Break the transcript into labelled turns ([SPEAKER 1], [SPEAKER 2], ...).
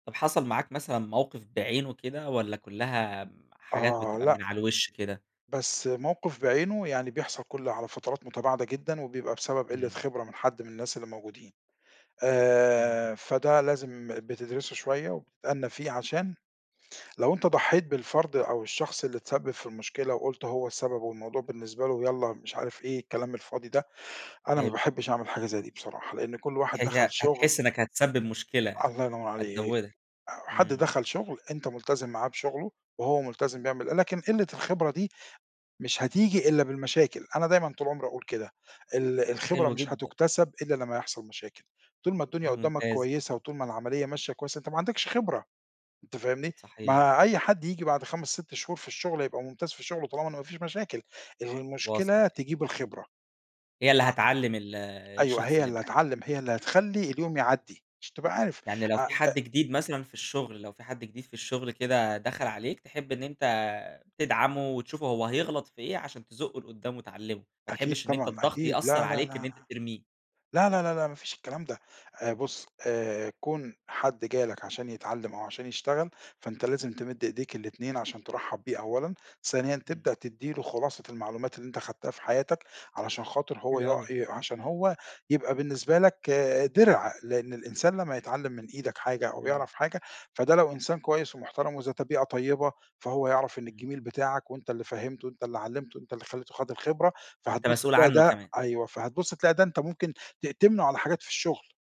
[SPEAKER 1] طَب حصَل معاك مثلًا موقِف بعينه كده والَّا كلّها آمم حاجات
[SPEAKER 2] آه،
[SPEAKER 1] بتبقى من
[SPEAKER 2] لأ.
[SPEAKER 1] على الوِش كده؟
[SPEAKER 2] بس موقِف بعينه يعني بيحصَل كلّ على فترات متباعدة جدًا وبيبقى بسبب قلّة
[SPEAKER 1] إمم.
[SPEAKER 2] خِبرة من حد من الناس اللي موجودين.
[SPEAKER 1] إمم.
[SPEAKER 2] آآ، فده لازم بتدرِسه شوية وبتتأنّى فيه عشان لو أنت ضحّيت بالفَرد أو الشخص اللي اتسبّب في المشكلة وقُلت هو السبب والموضوع بالنسبة له يالَّا مش عارف إيه الكلام الفاضي ده، أنا ما
[SPEAKER 1] حلو.
[SPEAKER 2] باحبش أعمل حاجة زي دي بصراحة لأن كلّ واحد دخَل
[SPEAKER 1] هي
[SPEAKER 2] شُغل
[SPEAKER 1] هتحس إنك هتسبّب مشكلة،
[SPEAKER 2] الله ينوّر عليك،
[SPEAKER 1] هتزوّدها،
[SPEAKER 2] حد
[SPEAKER 1] إمم.
[SPEAKER 2] دخَل شُغل أنت ملتزِم معاه بشُغله وهو ملتزِم بيعمل لكن قِلّة الخِبرة دي مش هتيجي إلا بالمشاكل، أنا دايمًا طُول عُمري أقول كده، ال الخبرة
[SPEAKER 1] حلو
[SPEAKER 2] مش
[SPEAKER 1] جدًا.
[SPEAKER 2] هتُكتسب إلّا لما يحصَل مشاكل، طول ما الدنيا
[SPEAKER 1] ده
[SPEAKER 2] قُدّامك
[SPEAKER 1] ممتاز.
[SPEAKER 2] كويسة وطول ما العمليّة ماشية كويس، أنت ما عندكش خِبرة، أنت فاهمني،
[SPEAKER 1] صحيح.
[SPEAKER 2] مع أي حد ييجي بعد 5، 6 شهور في الشغل هيبقى ممتاز في شُغله طالما إن ما فيش مشاكل،
[SPEAKER 1] واصلة
[SPEAKER 2] المشكلة
[SPEAKER 1] كده.
[SPEAKER 2] تجيب الخبرة.
[SPEAKER 1] هي اللي
[SPEAKER 2] آه،
[SPEAKER 1] هتعلّم ال
[SPEAKER 2] أيوه
[SPEAKER 1] الشخص
[SPEAKER 2] هي
[SPEAKER 1] اللي
[SPEAKER 2] اللي
[SPEAKER 1] معاك.
[SPEAKER 2] هتعلّم، هي اللي تخلّي اليوم يعدّي عشان تبقى عارف،
[SPEAKER 1] يعني لو
[SPEAKER 2] أ أ
[SPEAKER 1] في حد جديد مثلًا في الشغل، لو في حد جديد في الشغل كده دخل عليك تحب إن أنت تدعمه وتشوفه هو هيغلط في إيه عشان تزُقه لقدام وتعلمه، ما
[SPEAKER 2] أكيد
[SPEAKER 1] تحبش إن أنت
[SPEAKER 2] طبعًا،
[SPEAKER 1] الضغط
[SPEAKER 2] أكيد،
[SPEAKER 1] يأثّر
[SPEAKER 2] لا، لا، لا،
[SPEAKER 1] عليك إن أنت ترميه.
[SPEAKER 2] لا، لا، لا، لا، لا، مافيش الكلام ده آآ، بُصّ
[SPEAKER 1] إمم.
[SPEAKER 2] آآ، كُون حد جَه لك عشان يتعلّم أو عشان يشتغل فأنت لازم تمِد إيديك الإتنين عشان ترحّب بيه أولًا، ثانيًا
[SPEAKER 1] إمم.
[SPEAKER 2] تبدأ تدّي له خُلاصة المعلومات اللي أنت خدتها في حياتك علشان خاطر هو
[SPEAKER 1] حلو
[SPEAKER 2] ي
[SPEAKER 1] أوي.
[SPEAKER 2] ي عشان هو يبقى بالنسبة لك آآ، دِرع، لأن الإنسان لما يتعلّم من إيدك حاجة أو
[SPEAKER 1] إمم.
[SPEAKER 2] يعرَف حاجة فده لو إنسان كويس ومحترَم وإذا طبيعة طيبة فهو يعرَف إن
[SPEAKER 1] إمم.
[SPEAKER 2] الجِميل بتاعك وأنت اللي فهِّمته وأنت اللي علّمته وأنت اللي خلّيته خَد الخِبرة
[SPEAKER 1] أنت
[SPEAKER 2] فهتبُص
[SPEAKER 1] مسؤول
[SPEAKER 2] هتلاقي
[SPEAKER 1] عنه
[SPEAKER 2] ده
[SPEAKER 1] كمان.
[SPEAKER 2] أيوه فهتبُص تلاقى ده أنت ممكن تأتمنه على حاجات في الشغل.